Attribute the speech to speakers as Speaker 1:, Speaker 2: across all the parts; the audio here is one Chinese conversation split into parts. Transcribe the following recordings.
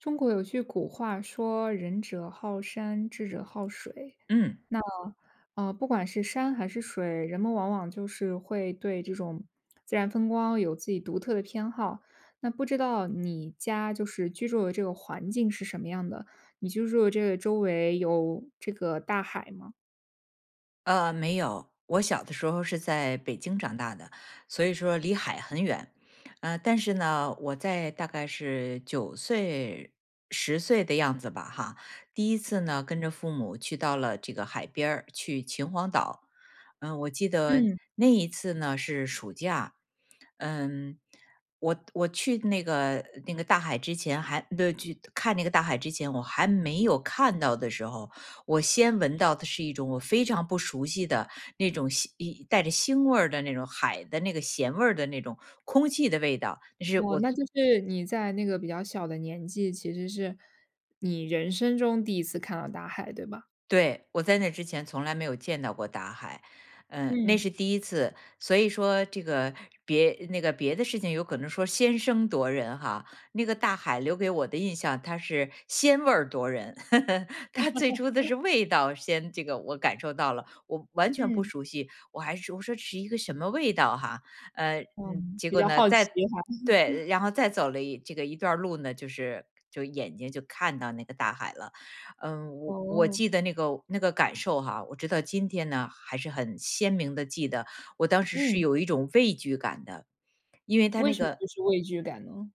Speaker 1: 中国有句古话说：“仁者好山，智者好水。”
Speaker 2: 嗯。
Speaker 1: 那，呃，不管是山还是水，人们往往就是会对这种 自然风光有自己独特的偏好。那不知道你家就是居住的这个环境是什么样的，你居住的这个周围有这个大海吗？
Speaker 2: 呃，没有。我小的时候是在北京长大的，所以说离海很远。呃，但是呢，我在大概是9岁、10岁的样子吧哈，第一次呢跟着父母去到了这个海边儿，去秦皇岛。嗯，我记得
Speaker 1: 嗯。
Speaker 2: 那一次呢是暑假。嗯，我我去那个，那个大海之前还，呃，去，看那个大海之前我还没有看到的时候，我先闻到的是一种我非常不熟悉的那种腥咿，带着腥味儿的那种海的那个咸味儿的那种空气的味道，那是
Speaker 1: 哦，
Speaker 2: 我从
Speaker 1: 那就是，你在那个比较小的年纪，其实是你人生中第一次看到大海，对吧？
Speaker 2: 对，我在那之前从来没有见到过大海，嗯，那
Speaker 1: 嗯。
Speaker 2: 是第一次。所以说这个别那个别的事情有可能说先声夺人哈，那个大海留给我的印象，它是鲜味儿夺人。它最初的 是味道先这个我感受到了。我完全不
Speaker 1: 嗯。
Speaker 2: 熟悉，我还说我说这是一个什么味道哈。呃，嗯，
Speaker 1: 嗯，
Speaker 2: 结
Speaker 1: 比
Speaker 2: 果
Speaker 1: 较
Speaker 2: 呢，
Speaker 1: 好
Speaker 2: 再
Speaker 1: 奇哈。
Speaker 2: 对。然后再走了一这个一段儿路呢，就是，就眼睛就看到那个大海了。嗯，我我
Speaker 1: 哦。
Speaker 2: 记得那个，那个感受哈，我直到今天呢，还是很鲜明地记得我当时是
Speaker 1: 嗯。
Speaker 2: 有一种畏惧感的，因为它
Speaker 1: 为
Speaker 2: 那
Speaker 1: 什么
Speaker 2: 个
Speaker 1: 就是畏惧感呢？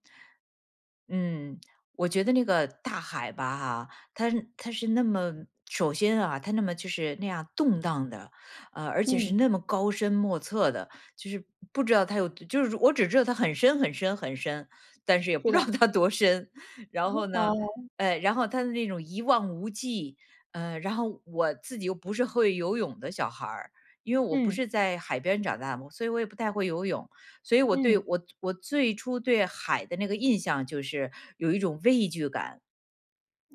Speaker 2: 嗯，我觉得那个大海吧哈，它它是那么首先啊，它那么就是那样动荡的，呃，而且是
Speaker 1: 嗯。
Speaker 2: 那么高深莫测的。就是不知道它有就是我只知道它很深很深很深，但是也
Speaker 1: 对
Speaker 2: 不知道
Speaker 1: 的。
Speaker 2: 它多深。然后 呢，
Speaker 1: 哦。
Speaker 2: 哎，然后它的那种一望无际，呃，然后我自己又不是会游泳的小孩儿，因为我不
Speaker 1: 嗯。
Speaker 2: 是在海边长大的嘛，所以我也不太会游泳，所以我对
Speaker 1: 嗯。
Speaker 2: 我我最初对海的那个印象就是有一种畏惧感。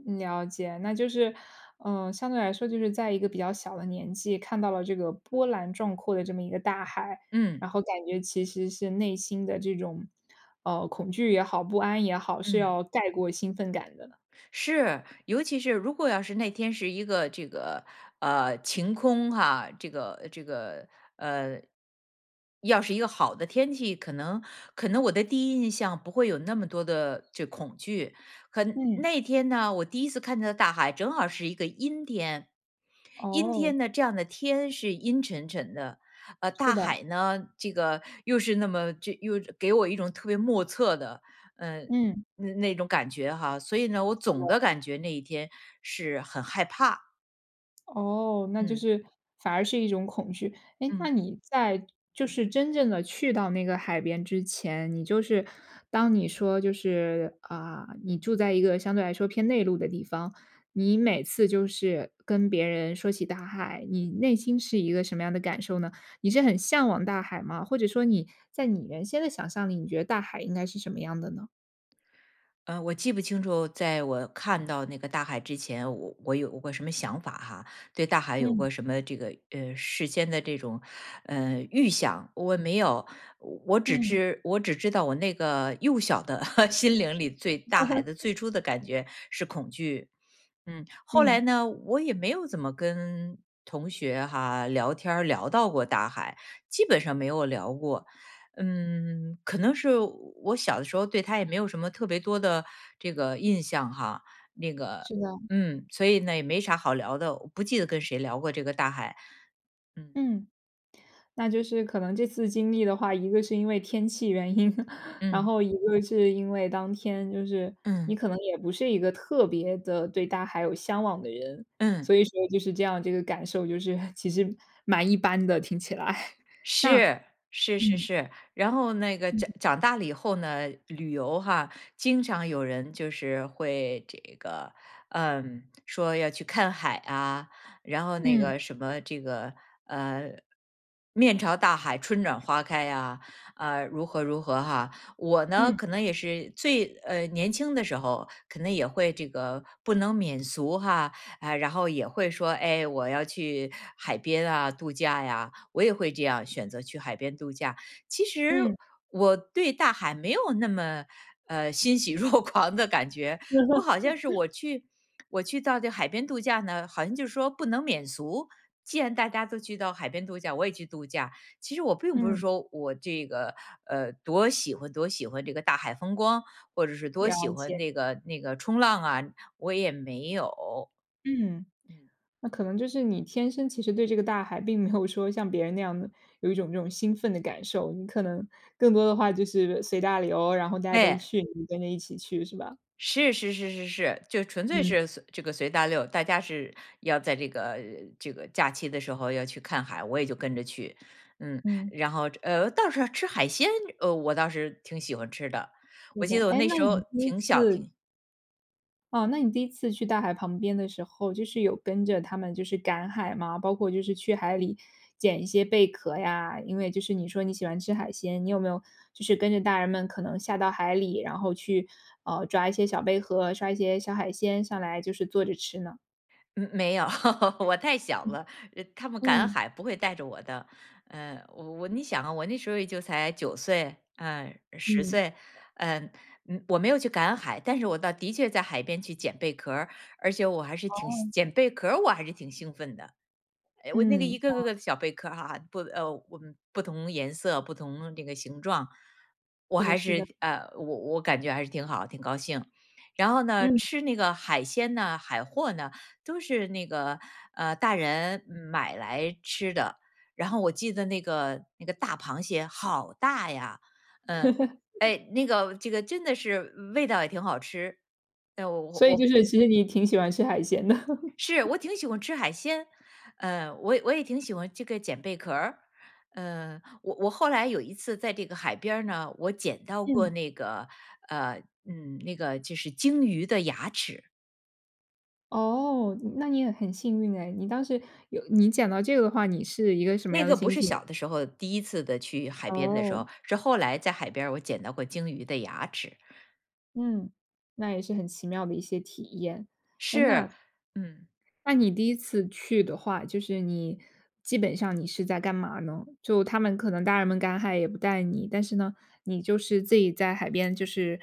Speaker 1: 了解，那就是，呃，相对来说就是在一个比较小的年纪，看到了这个波澜壮阔的这么一个大海，
Speaker 2: 嗯。
Speaker 1: 然后感觉其实是内心的这种，呃，恐惧也好，不安也好，是
Speaker 2: 嗯。
Speaker 1: 要盖过兴奋感的。
Speaker 2: 是，尤其是如果要是那天是一个这个，呃，晴空哈，这个，这个，呃，要是一个好的天气，可能可能我的第一印象不会有那么多的这恐惧。和
Speaker 1: 嗯。
Speaker 2: 那天呢，我第一次看大海正好是一个阴天，阴
Speaker 1: 哦。
Speaker 2: 天呢，这样的天是阴沉沉的，呃，
Speaker 1: 是
Speaker 2: 大
Speaker 1: 的。
Speaker 2: 海呢，这个又是那么这又给我一种特别莫测的，呃，
Speaker 1: 嗯。
Speaker 2: 那那种感觉哈。所以呢，我
Speaker 1: 对
Speaker 2: 总
Speaker 1: 啊。
Speaker 2: 的感觉那一天是很害怕。
Speaker 1: 哦，那就
Speaker 2: 嗯。
Speaker 1: 是反而是一种恐惧，哎，
Speaker 2: 嗯。
Speaker 1: 那你在就是真正地去到那个海边之前，你就是当你说就是啊，你住在一个相对来说偏内陆的地方，你每次就是跟别人说起大海，你内心是一个什么样的感受呢？你是很向往大海吗？或者说你在你原先的想象里，你觉得大海应该是什么样的呢？
Speaker 2: 呃，我记不清楚，在我看到那个大海之前，我我有过什么想法哈，对大海有
Speaker 1: 嗯。
Speaker 2: 过什么这个，呃，事先的这种，呃，预想，我没有。我只
Speaker 1: 嗯。
Speaker 2: 知我只知道我那个幼小的 心灵里对大海的 最初的感觉是恐惧。嗯，后来
Speaker 1: 嗯。
Speaker 2: 呢，我也没有怎么跟同学哈，聊天儿聊到过大海，基本上没有聊过。嗯，可能是我我小的时候对它也没有什么特别多的这个印象哈，那个
Speaker 1: 是的。
Speaker 2: 嗯，所以呢也没啥好聊的，我不记得跟谁聊过这个大海。嗯。
Speaker 1: 嗯。那就是可能这次经历的话，一个是因为天气原因，然
Speaker 2: 嗯。
Speaker 1: 后一个是因为当天就是你
Speaker 2: 嗯。
Speaker 1: 可能也不是一个特别地对大海有向往的人，
Speaker 2: 嗯。
Speaker 1: 所以说就是这样，这个感受就是其实蛮一般的听起来，那，
Speaker 2: 是，是是
Speaker 1: 嗯。
Speaker 2: 是，然后那个
Speaker 1: 嗯。
Speaker 2: 长长大了以后呢，旅游哈，经常有人就是会这个呃，说要去看海啊，然后那
Speaker 1: 嗯。
Speaker 2: 个什么这个，呃，面朝大海、春暖花开啊，呃，如何如何哈。我呢，
Speaker 1: 嗯。
Speaker 2: 可能也是最，呃，年轻的时候可能也会这个不能免俗哈，啊，然后也会说：”哎，我要去海边啊度假呀。“我也会这样选择去海边度假，其实
Speaker 1: 嗯。
Speaker 2: 我对大海没有那么，呃欣喜若狂的感觉。我好像是 我去我去到这海边度假呢，好像就是说不能免俗，既然大家都去到海边度假，我也去度假，其实我并不是
Speaker 1: 嗯。
Speaker 2: 说我这个，呃，多喜欢多喜欢这个大海风光，或者是多喜
Speaker 1: 了解。
Speaker 2: 欢那个那个冲浪啊，我也没有。
Speaker 1: 嗯，
Speaker 2: 嗯。
Speaker 1: 那可能就是你天生其实对这个大海并没有说像别人那样的有一种那种兴奋的感受，你可能更多的话就是随大流，然后大家都
Speaker 2: 哎。
Speaker 1: 去，你跟着一起去是吧？
Speaker 2: 是是是是是，就纯粹
Speaker 1: 嗯。
Speaker 2: 是随这个随大流，大家是要在这个这个假期的时候要去看海，我也就跟着去，嗯。
Speaker 1: 嗯。
Speaker 2: 然后，呃，倒是吃海鲜，呃，我倒是挺喜欢吃的，
Speaker 1: 对
Speaker 2: 我
Speaker 1: 的，
Speaker 2: 记得我
Speaker 1: 哎，
Speaker 2: 那
Speaker 1: 那
Speaker 2: 时候
Speaker 1: 你第一
Speaker 2: 挺小
Speaker 1: 次
Speaker 2: 挺
Speaker 1: 哦，那你第一次去大海旁边的时候，就是有跟着他们就是赶海吗？包括就是去海里，捡一些贝壳呀？因为就是你说你喜欢吃海鲜，你有没有，就是跟着大人们可能下到海里，然后去，呃，抓一些小贝壳，抓一些小海鲜上来，就是坐着吃呢？
Speaker 2: 嗯，没有，我太小
Speaker 1: 嗯。
Speaker 2: 了，呃他们赶
Speaker 1: 嗯。
Speaker 2: 海不会带着我的。呃，我你想啊，我那时候也就才9岁，嗯，10
Speaker 1: 嗯。
Speaker 2: 岁，嗯。嗯，我没有去赶海，但是我倒的确在海边去捡贝壳儿，而且我还是挺
Speaker 1: 哦。
Speaker 2: 兴捡贝壳儿，我还是挺兴奋的。哎，我那个，
Speaker 1: 嗯，
Speaker 2: 一个
Speaker 1: 哦。
Speaker 2: 个个的小贝壳哈哈，不，呃，不不同颜色，不同那个形状。我
Speaker 1: 是的
Speaker 2: 还
Speaker 1: 是的。
Speaker 2: 是呃，我我感觉还是挺好，挺高兴。然后呢，
Speaker 1: 嗯。
Speaker 2: 吃那个海鲜呢、海货呢，都是那个呃大人买来吃的，然后我记得那个那个大螃蟹好大呀。嗯，哎，那个这个真的是味道也挺好吃，呃，我我
Speaker 1: 所以就
Speaker 2: 我
Speaker 1: 是其实你挺喜欢吃海鲜的。
Speaker 2: 是，我 挺喜欢吃海鲜，呃，我也我也挺喜欢这个捡贝壳儿。嗯，我我后来有一次在这个海边儿呢，我捡到过
Speaker 1: 嗯。
Speaker 2: 那个，呃，嗯，那个就是鲸鱼的牙齿。
Speaker 1: 哦，那你也很幸运唉。你当时有你讲到这个的话，你是一个什么
Speaker 2: 那
Speaker 1: 样的
Speaker 2: 个不
Speaker 1: 心
Speaker 2: 是
Speaker 1: 情？
Speaker 2: 小的时候，第1次的去海边的时
Speaker 1: 哦。
Speaker 2: 候，是后来在海边儿我捡到过鲸鱼的牙齿。
Speaker 1: 嗯，那也是很奇妙的一些体验。诶，
Speaker 2: 是，
Speaker 1: 那
Speaker 2: 嗯。
Speaker 1: 那你第一次去的话，就是你基本上你是在干嘛呢？就他们可能大人们赶海也不带你，但是呢，你就是自己在海边就是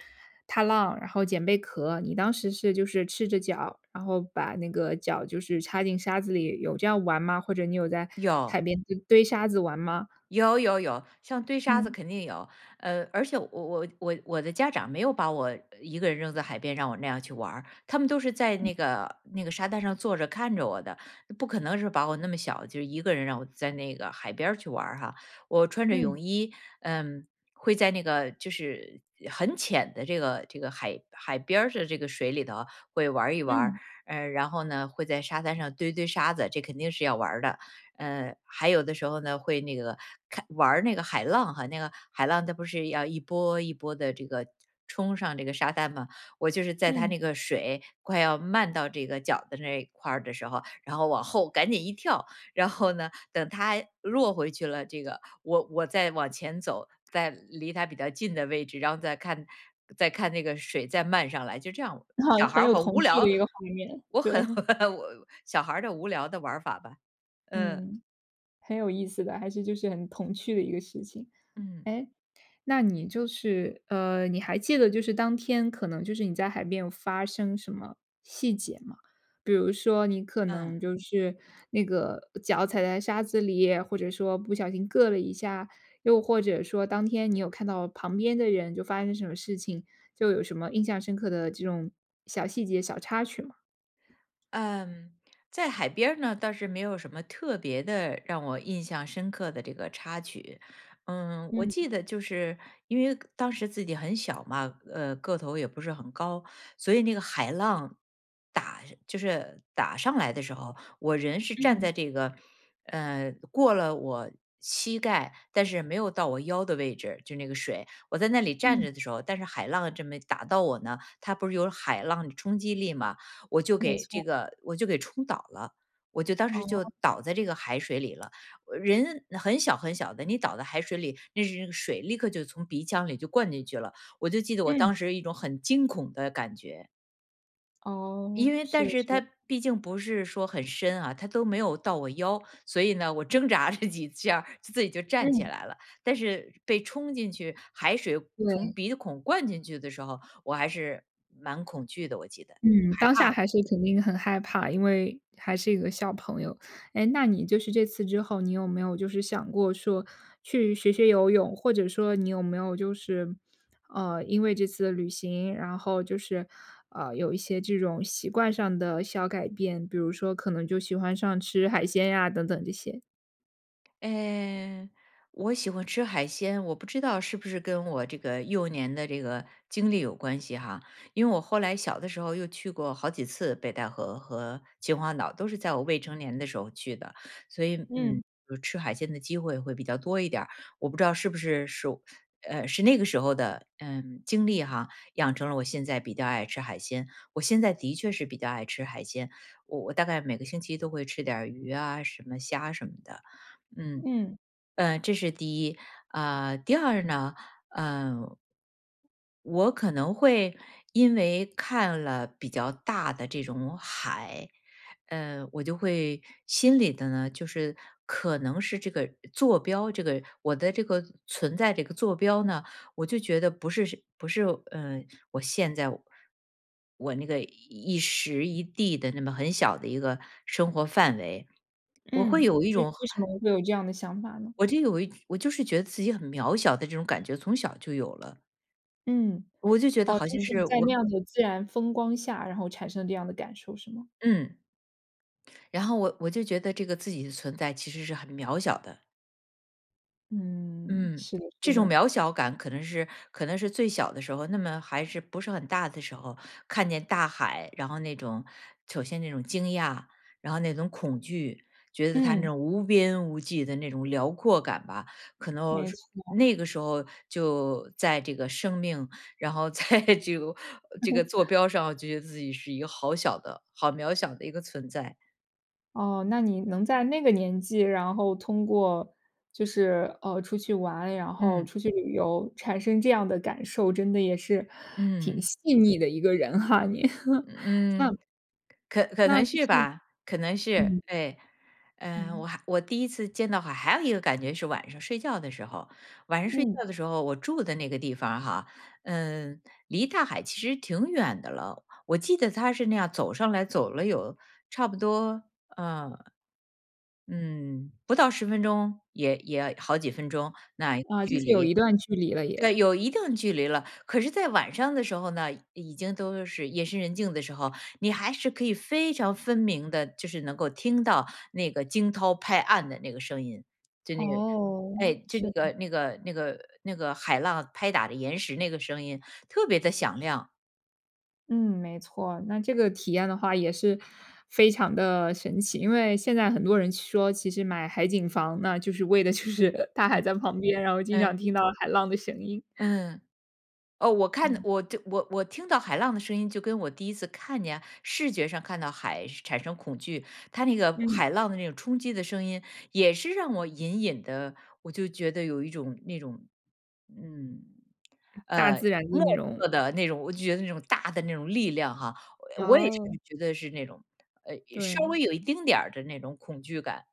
Speaker 1: 踏浪，然后捡贝壳，你当时是就是赤着脚，然后把那个脚就是插进沙子里，有这样玩吗？或者你有在海
Speaker 2: 有。
Speaker 1: 边就堆沙子玩吗？
Speaker 2: 有有有，像堆沙子
Speaker 1: 嗯。
Speaker 2: 肯定有。呃，而且我我我我的家长没有把我一个人扔在海边让我那样去玩儿，他们都是在那
Speaker 1: 嗯。
Speaker 2: 个那个沙滩上坐着看着我的，不可能是把我那么小就一个人让我在那个海边儿去玩儿哈。我穿着
Speaker 1: 嗯。
Speaker 2: 泳衣，呃，会在那个就是很浅的这个，这个海海边儿的这个水里头会玩儿一玩儿。
Speaker 1: 嗯。
Speaker 2: 呃，然后呢，会在沙滩上堆堆沙子这肯定要玩儿的。呃，还有的时候呢，会那个看玩儿那个海浪哈，那个海浪它不是要一波一波地这个冲上这个沙滩嘛，我就是在它
Speaker 1: 嗯。
Speaker 2: 那个水快要漫到这个脚的那一块儿的时候，然后往后赶紧一跳。然后呢，等它弱回去了，这个我我再往前走。在离它比较近的位置，然后再看再看那个水再漫上来。就这样，小 孩
Speaker 1: 很
Speaker 2: 儿
Speaker 1: 有
Speaker 2: 好
Speaker 1: 童
Speaker 2: 无
Speaker 1: 趣的
Speaker 2: 聊，
Speaker 1: 一个画面，
Speaker 2: 我
Speaker 1: 对。
Speaker 2: 很 我小孩儿的无聊的玩法吧，嗯。
Speaker 1: 嗯，很有意思的，还是就是很童趣的一个事情。
Speaker 2: 嗯。
Speaker 1: 诶，那你就是呃，你还记得就是当天可能就是你在海边有发生什么细节吗？比如说你可能
Speaker 2: 嗯。
Speaker 1: 就是那个脚踩在沙子里，或者说不小心硌了一下，又或者说当天你有看到旁边的人就发生什么事情？就有什么印象深刻的这种小细节、小插曲吗？
Speaker 2: 嗯，在海边儿呢，倒是没有什么特别的让我印象深刻的这个插曲。嗯，我
Speaker 1: 嗯。
Speaker 2: 记得就是因为当时自己很小嘛，呃，个头也不是很高。所以那个海浪，打就是打上来的时候，我人是站
Speaker 1: 嗯。
Speaker 2: 在这个，呃，过了我膝盖，但是没有到我腰的位置，就那个水。我在那里站
Speaker 1: 嗯。
Speaker 2: 着的时候，但是海浪这么打到我呢。它不是有海浪的冲击力嘛，我就
Speaker 1: 没
Speaker 2: 给这
Speaker 1: 错。
Speaker 2: 个我就给冲倒了。我就当时就
Speaker 1: 哦。
Speaker 2: 倒在这个海水里了，呃，人很小很小的。你倒在海水里，那是那个水立刻就从鼻腔里就灌进去了，我就记得我
Speaker 1: 嗯。
Speaker 2: 当时一种很惊恐的感觉。
Speaker 1: 哦，
Speaker 2: 因为
Speaker 1: 是
Speaker 2: 但
Speaker 1: 的，
Speaker 2: 是
Speaker 1: 是
Speaker 2: 它
Speaker 1: 的。
Speaker 2: 毕竟不是说很深啊，它都没有到我腰，所以呢，我挣扎着几下自自己就站起
Speaker 1: 嗯。
Speaker 2: 来了。但是被冲进去海水从
Speaker 1: 对。
Speaker 2: 鼻孔灌进去的时候，我还是蛮恐惧的，我记得，
Speaker 1: 嗯，
Speaker 2: 害
Speaker 1: 当下
Speaker 2: 怕的。
Speaker 1: 还是肯定很害怕，因为还是一个小朋友。哎，那你就是这次之后，你有没有就是想过说，去学学游泳？或者说你有没有就是呃，因为这次旅行，然后就是，呃，有一些这种习惯上的小改变？比如说可能就喜欢上吃海鲜呀，等等这些？
Speaker 2: 哎，我喜欢吃海鲜，我不知道是不是跟我这个幼年的这个经历有关系哈。因为我后来小的时候，又去过好几次北戴河和秦皇岛，都是在我未成年的时候去的。所以，嗯，
Speaker 1: 嗯。
Speaker 2: 呃，吃海鲜的机会会比较多一点儿。我不知道是不是属呃，是那个时候的，呃，经历哈，养成了我现在比较爱吃海鲜。我现在的确是比较爱吃海鲜，我我大概每个星期都会吃点儿鱼啊，什么虾什么的。嗯，
Speaker 1: 嗯。
Speaker 2: 呃，这是第1。啊，第2呢，嗯。我可能会，因为看了比较大的这种海，嗯，我就会心里的呢，就是可能是这个坐标，这个我的这个存在的一个坐标呢，我就觉得不是是不是，呃，我现在我我那个一时一地的那么很小的一个生活范围，我
Speaker 1: 嗯，
Speaker 2: 会
Speaker 1: 嗯，
Speaker 2: 有一
Speaker 1: 为
Speaker 2: 种
Speaker 1: 什么会有这样的想法呢？
Speaker 2: 我就有一我就是觉得自己很渺小的这种感觉，从小就有了。
Speaker 1: 嗯，
Speaker 2: 我就觉得
Speaker 1: 哦，
Speaker 2: 好
Speaker 1: 就
Speaker 2: 像
Speaker 1: 是
Speaker 2: 是
Speaker 1: 在
Speaker 2: 我
Speaker 1: 那样的自然风光下，然后产生这样的感受是吗？
Speaker 2: 嗯，然后我我就觉得这个自己的存在其实是很渺小的。
Speaker 1: 嗯，
Speaker 2: 嗯，
Speaker 1: 是的，是
Speaker 2: 这种
Speaker 1: 的。
Speaker 2: 渺小感可能是可能是最小的时候，那么还是不是很大的时候，看见大海，然后那种首先那种惊讶，然后那种恐惧，觉得它那
Speaker 1: 嗯。
Speaker 2: 种无边无际的那种辽阔感吧。可能
Speaker 1: 没
Speaker 2: 是
Speaker 1: 错。
Speaker 2: 那个时候就在这个生命，然后在这个这个座 标上，我就觉得自己是一个好小的、好渺小的一个存在。
Speaker 1: 哦，那你能在那个年纪，然后通过就是，呃，出去玩，然后
Speaker 2: 嗯。
Speaker 1: 出去旅游产生这样的感受，真的也是挺
Speaker 2: 嗯。
Speaker 1: 细腻的一个人哈，你。那
Speaker 2: 嗯，可可
Speaker 1: 那
Speaker 2: 能
Speaker 1: 就
Speaker 2: 是
Speaker 1: 是
Speaker 2: 吧，可能是，
Speaker 1: 嗯。
Speaker 2: 哎。呃，我
Speaker 1: 嗯。
Speaker 2: 还我第1次见到海还有一个感觉是晚上睡觉的时候。晚上睡
Speaker 1: 嗯。
Speaker 2: 觉的时候，我住的那个地方儿哈，嗯，离大海其实挺远的了，我记得它是那样走上来走了有差不多，呃，嗯，不到10分钟，也也要好几分钟，那
Speaker 1: 啊，就
Speaker 2: 距
Speaker 1: 是有一
Speaker 2: 离。
Speaker 1: 段距离了也。
Speaker 2: 对，有一定距离了。可是在晚上的时候呢，已经都是夜深人静的时候，你还是可以非常分明地，就是能够听到那个惊涛拍岸的那个声音。就那个，
Speaker 1: 哦，
Speaker 2: 哎，就
Speaker 1: 是
Speaker 2: 那个
Speaker 1: 的。
Speaker 2: 那个那个那个海浪拍打的岩石那个声音特别地响亮。
Speaker 1: 嗯，没错儿。那这个体验的话也是非常的神奇，因为现在很多人说，其实买海景房呢，就是为了就是大海
Speaker 2: 嗯，
Speaker 1: 在旁边，然后经
Speaker 2: 嗯。
Speaker 1: 常听到海浪的声音。
Speaker 2: 嗯，哦，我看
Speaker 1: 嗯。
Speaker 2: 我就我我听到海浪的声音，就跟我第1次看见视觉上看到海产生恐惧。它那个
Speaker 1: 嗯。
Speaker 2: 海浪的那种冲击的声音也是让我隐隐地，我就觉得有一种，那种嗯，
Speaker 1: 大
Speaker 2: 呃，
Speaker 1: 自然的
Speaker 2: 莫
Speaker 1: 那种。
Speaker 2: 测的那种，我就觉得那种大的那种力量哈，呃，我也是
Speaker 1: 哦。
Speaker 2: 觉得是那种，呃，稍微
Speaker 1: 对。
Speaker 2: 有一丁点儿的那种恐惧感。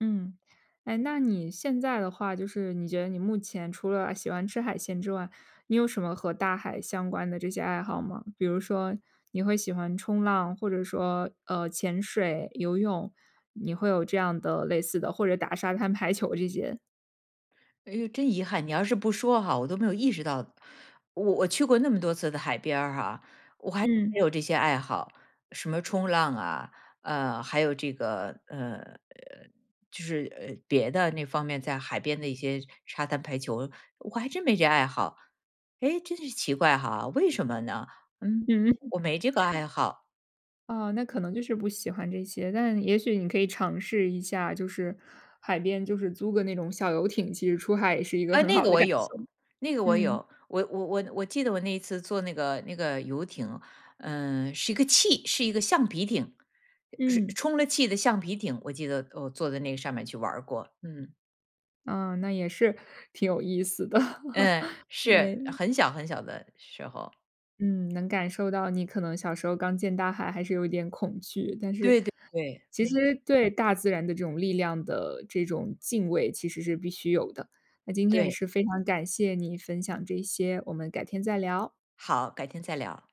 Speaker 1: 嗯，诶，那你现在的话，就是你觉得你目前除了喜欢吃海鲜之外，你有什么和大海相关的这些爱好吗？比如说你会喜欢冲浪，或者说，呃，潜水、游泳，你会有这样的类似的或者打沙滩排球这些？
Speaker 2: 哎呦，真遗憾，你要是不说哈，我都没有意识到。我我去过那么多次的海边儿哈，我还
Speaker 1: 嗯。
Speaker 2: 没有这些爱好，什么冲浪啊，呃，还有这个，呃，就是，呃，别的那方面在海边的一些沙滩排球，我还真没这爱好，诶，真是奇怪哈，为什么呢？嗯，
Speaker 1: 嗯。
Speaker 2: 我没这个爱好。
Speaker 1: 哦，那可能就是不喜欢这些。但也许你可以尝试一下，就是海边就是租个那种小游艇，其实出海也是一个
Speaker 2: 哎，
Speaker 1: 很
Speaker 2: 那
Speaker 1: 好
Speaker 2: 个
Speaker 1: 的
Speaker 2: 我
Speaker 1: 感
Speaker 2: 有，
Speaker 1: 受，
Speaker 2: 那个我
Speaker 1: 嗯。
Speaker 2: 有。我我我我记得我那一次坐那个那个游艇，嗯，是一个气是一个橡皮艇，是
Speaker 1: 嗯。
Speaker 2: 充了气的橡皮艇，我记得我坐在那上面儿去玩儿过，嗯。
Speaker 1: 哦，那也是挺有意思的，
Speaker 2: 嗯，是，
Speaker 1: 哎。
Speaker 2: 很小很小的时候。
Speaker 1: 嗯，能感受到你可能小时候刚见大海还是有一点恐惧，但是
Speaker 2: 对对对，
Speaker 1: 其
Speaker 2: 嗯。
Speaker 1: 实对大自然的这种力量的这种敬畏，其实是必须有的。那今天也
Speaker 2: 对。
Speaker 1: 是非常感谢你分享这些，我们改天再聊。
Speaker 2: 好，改天再聊。